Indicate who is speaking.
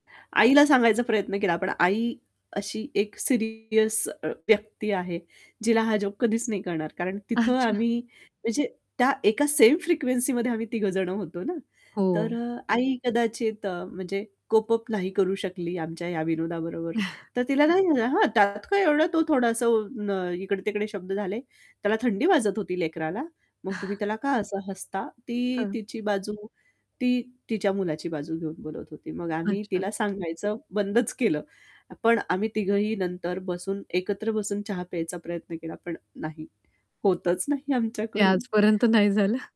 Speaker 1: आईला सांगायचा प्रयत्न केला, पण आई अशी एक सीरियस व्यक्ती आहे, जिला हा जोक कधीच नाही कळणार. कारण तिथं
Speaker 2: अच्छा.
Speaker 1: आम्ही म्हणजे त्या एका सेम फ्रिक्वेन्सीमध्ये आम्ही तिघं जण होतो ना, तर
Speaker 2: हो.
Speaker 1: अ, आई कदाचित अ, म्हणजे कोप अप नाही करू शकली आमच्या ह्या विनोदाबरोबर, तर तिला काय झालं हा "त्यात काय एवढं तो थोडासा अ, इकडे-तिकडे शब्द झाले, त्याला थंडी वाजत होती लेकराला, मग तुम्ही त्याला का असं हसता?" ती
Speaker 2: हां.
Speaker 1: तिची बाजू ती तिच्या मुलाची बाजू घेऊन बोलत होती. मग आम्ही
Speaker 2: अच्छा.
Speaker 1: तिला सांगायचं बंदच केलं. पण आम्ही तिघंही नंतर बसून एकत्र बसून चहा प्यायचा प्रयत्न केला पण नाही, होतंच नाही
Speaker 2: ते
Speaker 1: आमच्याकडून.
Speaker 2: आजपर्यंत नाही झालं.